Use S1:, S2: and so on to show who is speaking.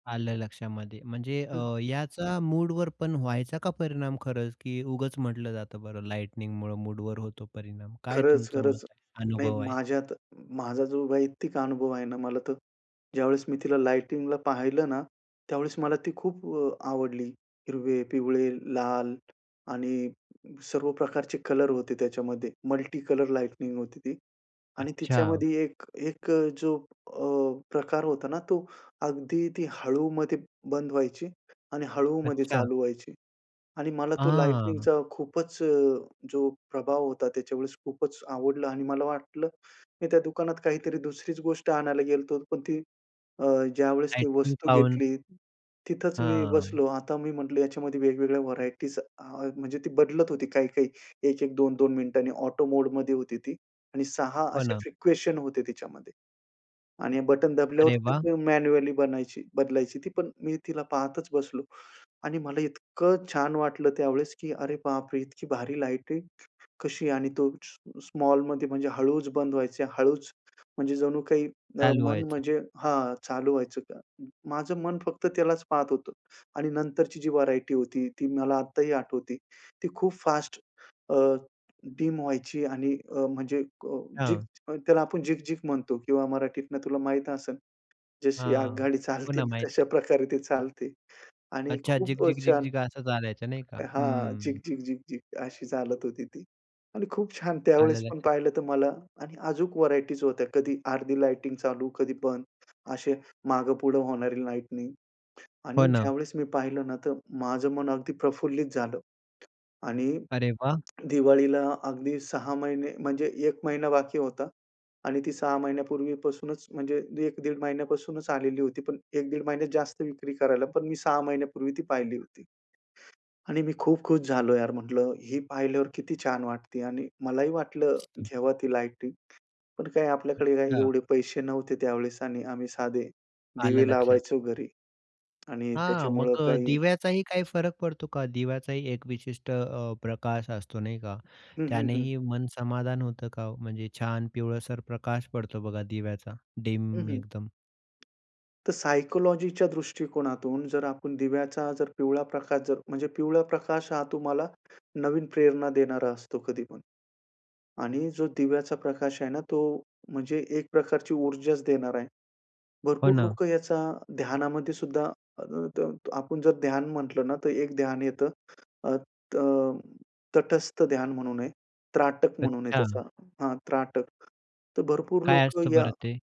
S1: आलं लक्षामध्ये. म्हणजे
S2: हं.
S1: अ, याचा मूडवर पण व्हायचा का परिणाम खरंच, की उगाच म्हटलं जातं बरं, लाइटनिंगमुळ मूडवर होतो परिणाम? काय
S2: खरंच,
S1: तुमचं
S2: खरंच.
S1: मत
S2: नाही
S1: अनुभव आहे?
S2: माझ्यात माझा जो वैयक्तिक अनुभव आहे ना, मला तर ज्यावेळेस मी तिला लाइटिंगला पाहिलं ना, त्यावेळेस मला ती खूप अ, आवडली. हिरवे, पिवळे, लाल आणि सर्व प्रकारचे कलर होते त्याच्यामध्ये. मल्टी कलर लाइटिंग होती ती. आणि
S1: अच्छा.
S2: तिच्यामध्ये एक एक अ, जो अ, प्रकार होता ना, तो अगदी ती हळूमध्ये बंद व्हायची आणि हळूमध्ये
S1: अच्छा.
S2: चालू व्हायची. आणि मला तो
S1: हां.
S2: लाइटिंगचा खूपच अ, जो प्रभाव होता, त्याच्यावेळेस खूपच आवडला आणि मला वाटलं मी त्या दुकानात काहीतरी दुसरीच गोष्ट आणायला गेलो होतो, पण ती अ, ज्यावेळेस ती
S1: लायटिंग
S2: वस्तू
S1: पाहून.
S2: घेतली, तिथंच मी
S1: हां.
S2: बसलो. आता मी म्हंटलं याच्यामध्ये वेगवेगळ्या व्हरायटीज आ म्हणजे ती बदलत होती, काही-काही. एक-एक, दोन दोन मिनिटांनी, ऑटो मोडमध्ये होती ती. आणि 6
S1: हो
S2: असे
S1: ना.
S2: फ्रिक्वेशन होते त्याच्यामध्ये. आणि बटण दाबल्यावर
S1: अरे वाह!
S2: ते मॅन्युअली बनायची बदलायची ती, पण मी तिला पाहतच बसलो. आणि मला इतकं छान वाटलं त्यावेळेस, की अरे बापरे, इतकी भारी लाइटिंग कशी, आणि तो स्मॉ स्मॉलमध्ये म्हणजे हळूच बंद व्हायच. हळूच म्हणजे जणू काही अ,
S1: चालू
S2: मन
S1: व्हायचं.
S2: म्हणजे हां, चालू व्हायचं का. माझं मन फक्त त्यालाच पाहत होतं, आणि नंतरची जी व्हरायटी होती, ती मला आत्ताही आठवते. ती खूप फास्ट अ, डीम व्हायची आणि अ, म्हणजे अ, झिग
S1: हां.
S2: अ, त्याला आपण झिगझिग म्हणतो किंवा मराठीतनं तुला माहीत असेल, जशी
S1: हां.
S2: आगगाडी चालते
S1: पुन्हा
S2: ना,
S1: माहीत
S2: तशा
S1: आहे.
S2: प्रकारे ती चालते. आणि
S1: अच्छा,
S2: खूप अ,
S1: झिक-झिक,
S2: छान
S1: झिक-झिक असं चालायचं नाही का.
S2: हां,
S1: हं.
S2: झिक-झिक, झिक-झिक अशी चालत होती ती. आणि खूप छान
S1: आलं
S2: त्यावेळेस पण
S1: लक्षात.
S2: पाहिलं तर मला आणि अजूक व्हरायटीज होत्या. कधी अर्धी लाइटिंग चालू, कधी बंद, असे मागे-पुढे होणारी लाइटिंग. आणि
S1: हो ना.
S2: ज्यावेळेस मी पाहिलं ना, तर माझं मन अगदी प्रफुल्लित झालं. आणि
S1: अरे वाह!
S2: दिवाळीला अगदी 6 महिने म्हणजे 1 महिना बाकी होता, आणि ती 6 महिन्यापूर्वीपासूनच म्हणजे 1 दीड महिन्यापासूनच आलेली होती. पण 1 दीड महिन्यात जास्त विक्री करायला, पण मी 6 महिन्यापूर्वी ती पाहिली होती. आणि मी खूप खुश झालो यार म्हंटलं "ही पाहिल्यावर किती छान वाटते". आणि मलाही वाटलं
S1: हं.
S2: घेवा ती लाईटिंग, पण काय आपल्याकडे काय
S1: अच्छा.
S2: एवढे पैसे नव्हते त्यावेळेस, आणि आम्ही साधे
S1: आलं
S2: दिवे
S1: लक्षात.
S2: लावायचो घरी, आणि
S1: हां,
S2: त्याच्यामुळं
S1: मग अ,
S2: काही
S1: दिव्याचाही काही फरक पडतो का? दिव्याचाही एक विशिष्ट अ, प्रकाश असतो नाही का?
S2: हं, हं, हं.
S1: त्यानेही मन समाधान होतं का हो, म्हणजे छान पिवळसर प्रकाश पडतो बघा दिव्याचा,
S2: हं,
S1: डीम
S2: हं.
S1: एकदम?
S2: तर सायकॉलॉजीच्या दृष्टीकोनातून जर आपण दिव्याचा जर पिवळा प्रकाश जर म्हणजे पिवळा प्रकाश हा तुम्हाला नवीन प्रेरणा देणारा असतो कधीपण. आणि जो दिव्याचा प्रकाश आहे ना, तो म्हणजे एक प्रकारची ऊर्जाच देणार आहे.
S1: हो
S2: भरपूर
S1: ना.
S2: लोकं याचा ध्यानामध्येसुद्धा [unintelligible] आपण जर ध्यान म्हटलं ना, तर एक ध्यान येतं. अ, त तटस्थ ध्यान म्हणून आहे. त्राटक म्हणून आहे त्याचा
S1: अच्छा.
S2: हां, त्राटक. तर भरपूर
S1: काय
S2: लोकं
S1: असतं
S2: या
S1: बरं ते?